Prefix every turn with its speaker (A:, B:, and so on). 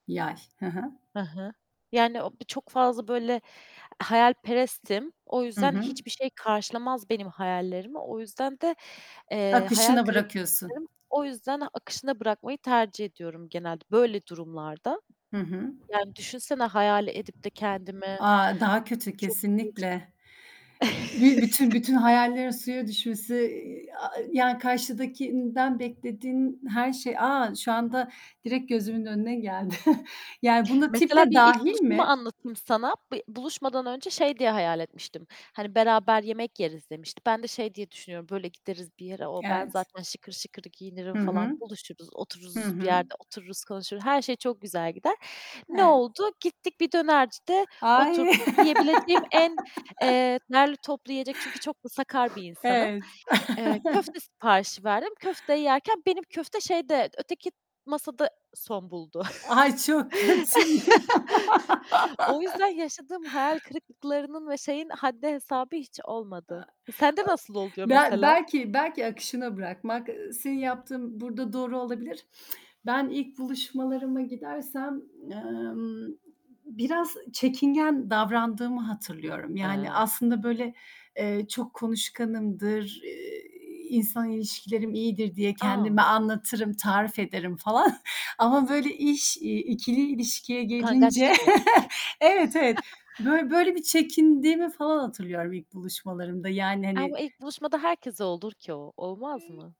A: Yay, hı hı.
B: Hı hı, yani, o, çok fazla, böyle, eee, hayalperestim. O
A: Hı
B: yüzden
A: hı.
B: hiçbir şey karşılamaz benim hayallerimi. O yüzden de, eee, hayal
A: Akışına
B: kırıklığı
A: bırakıyorsun.
B: yaşarım. O yüzden akışına bırakmayı tercih ediyorum genelde böyle durumlarda.
A: Hı hı.
B: Yani düşünsene hayal edip de kendimi
A: A, daha kötü
B: çok.
A: kesinlikle.
B: [unintelligible]
A: Bir bütün bütün hayallerin suya düşmesi, ııı, a a yani karşıdakinden beklediğin her şey A, şu anda direkt gözümün önüne geldi yani buna tip
B: Mesela
A: de
B: bir ilk
A: dâhil
B: buluşumu
A: mi?
B: anlatayım sana. Bir buluşmadan önce şey diye hayal etmiştim, "Hani, beraber yemek yeriz." demişti. Ben de şey diye düşünüyorum, "Böyle gideriz bir yere, o ben
A: Evet.
B: zaten şıkır şıkır giyinirim
A: Hı
B: falan,
A: hı.
B: buluşuruz,
A: Hı
B: otururuz bir
A: hı.
B: yerde, otururuz, konuşuruz, her şey çok güzel gider." Ne
A: Evet.
B: oldu? Gittik, bir dönercide
A: Ay.
B: oturduk. Yiyebileceğim en, eee, derli toplu yiyecek Çünkü çok da sakar bir insanım.
A: Evet.
B: Eee, köfte siparişi verdim. Köfte yerken benim köfte şeyde, öteki masada son buldu.
A: Ay, çok kötü.
B: O yüzden yaşadığım hayal kırıklıklarının ve şeyin haddi hesabı hiç
A: Iıı,
B: olmadı. Sende nasıl oluyor
A: Bel
B: mesela?
A: belki belki akışına bırakmak, ııı, senin yaptığın burada doğru olabilir. Ben ilk buluşmalarıma gidersem, emm, biraz çekingen davrandığımı hatırlıyorum, yani
B: Eee
A: aslında böyle, eee, çok konuşkanımdır, ııı, insan ilişkilerim iyidir diye kendime
B: A!
A: anlatırım, tarif ederim falan ama böyle iş, iii, 2'li ilişkiye gelince
B: Utangaçlık var.
A: Evet, evet, bö böyle bir çekindiğimi falan hatırlıyorum ilk buluşmalarımda yani,
B: Aaa,
A: hani.
B: bu ilk buluşmada herkese olur ki o, olmaz mı?